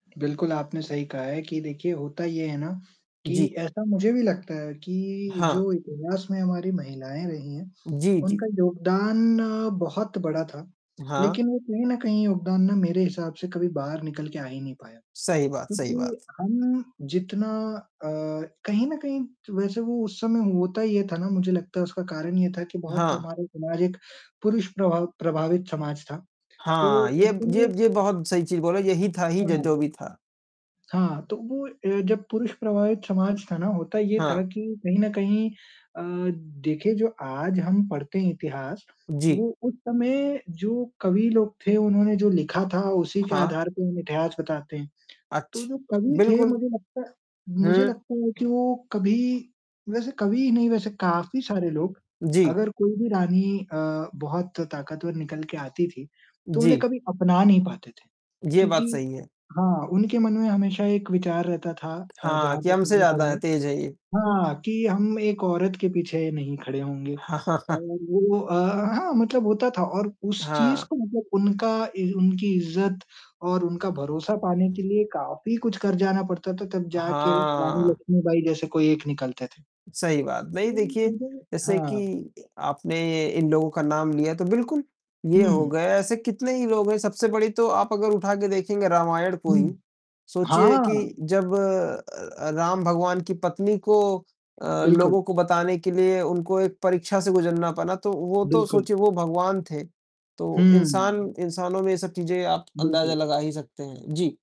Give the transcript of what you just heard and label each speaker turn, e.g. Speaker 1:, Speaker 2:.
Speaker 1: बिल्कुल आपने सही कहा है कि देखिए होता ये है ना, कि
Speaker 2: जी।
Speaker 1: ऐसा मुझे भी लगता है कि
Speaker 2: हाँ।
Speaker 1: जो इतिहास में हमारी महिलाएँ रही हैं,
Speaker 2: जी, जी।
Speaker 1: उनका योगदान अ, बहुत बड़ा था,
Speaker 2: हाँ।
Speaker 1: लेकिन वो कहीं न कहीं योगदान ना मेरे हिसाब से कभी बाहर निकल के आ ही नहीं पाया।
Speaker 2: सही बात, सही बात।
Speaker 1: क्योंकि हम जितना अ, कहीं न कहीं तो वैसे वो उस समय होता ये था ना मुझे लगता है उसका कारण ये था कि बहुत
Speaker 2: हाँ।
Speaker 1: हमारे समाज एक पुरुष प्रभाव प्रभावित समाज था। तो
Speaker 2: हाँ, ये ब ये
Speaker 1: उसमें
Speaker 2: ये बहुत सही चीज बोले, यही था ही
Speaker 1: हाँ,
Speaker 2: ज
Speaker 1: हाँ।
Speaker 2: जो भी था।
Speaker 1: हाँ, तो वो ए जब पुरुष प्रभावित समाज था ना होता ये था
Speaker 2: हाँ।
Speaker 1: कि कहीं न कहीं अ, देखिए जो आज हम पढ़ते हैं इतिहास,
Speaker 2: जी।
Speaker 1: वो उस समय जो कवि लोग थे उन्होंने जो लिखा था उसी के
Speaker 2: हाँ।
Speaker 1: आधार पे हम इतिहास बताते हैं। तो
Speaker 2: अच्छ
Speaker 1: जो कवि थे
Speaker 2: बिल्कुल।
Speaker 1: मुझे लगता है
Speaker 2: हुँ।
Speaker 1: मुझे लगता है वो कि वो कभी वैसे कवि नहीं वैसे काफ़ी सारे लोग
Speaker 2: जी।
Speaker 1: अगर कोई भी रानी अ, बहुत ताक़तवर निकल के आती थी, तो उन्हें
Speaker 2: जी।
Speaker 1: कभी अपना नहीं पाते थे।
Speaker 2: ये
Speaker 1: क्योंकि
Speaker 2: बात सही है।
Speaker 1: हाँ उनके मन में हमेशा एक विचार रहता था अ,
Speaker 2: हाँ,
Speaker 1: जहाँ
Speaker 2: कि
Speaker 1: तक
Speaker 2: हमसे
Speaker 1: मैंने
Speaker 2: ज़्यादा
Speaker 1: पढ़ा
Speaker 2: हैं,
Speaker 1: है
Speaker 2: तेज है ये।
Speaker 1: हाँ कि हम एक औरत के पीछे नहीं खड़े होंगे और वो अ, हाँ मतलब होता था और उस चीज़
Speaker 2: हाँ।
Speaker 1: को मतलब उनका इ उनकी इज़्ज़त और उनका भरोसा पाने के लिए काफ़ी कुछ कर जाना पड़ता था। तब जाके र रानी
Speaker 2: हाँ।
Speaker 1: लक्ष्मीबाई जैसे कोई एक निकलते थे।
Speaker 2: सही बात। नहीं
Speaker 1: तो
Speaker 2: देखिए,
Speaker 1: मुझे
Speaker 2: जैसे कि
Speaker 1: हाँ।
Speaker 2: इ आपने ये इन लोगों का नाम लिया, तो बिल्कुल, ये हो
Speaker 1: हुँ।
Speaker 2: गए, ऐसे कितने ही लोग हैं, सबसे बड़ी तो आप अगर उठा के देखेंगे रामायण को ही।
Speaker 1: हुँ।
Speaker 2: सोचिए कि
Speaker 1: हाँ।
Speaker 2: जब अ अ, राम भगवान की पत्नी को अ,
Speaker 1: बिल्कुल।
Speaker 2: लोगों को बताने के लिए उनको एक परीक्षा से गुज़रना पड़ा तो, वो तो
Speaker 1: बिल्कुल।
Speaker 2: सोचिए वो भगवान थे। तो इंसान
Speaker 1: हुँ।
Speaker 2: इंसानों में ये सब चीज़ें आप अंदाज़ा
Speaker 1: बिल्कुल।
Speaker 2: लगा ही सकते हैं। जी।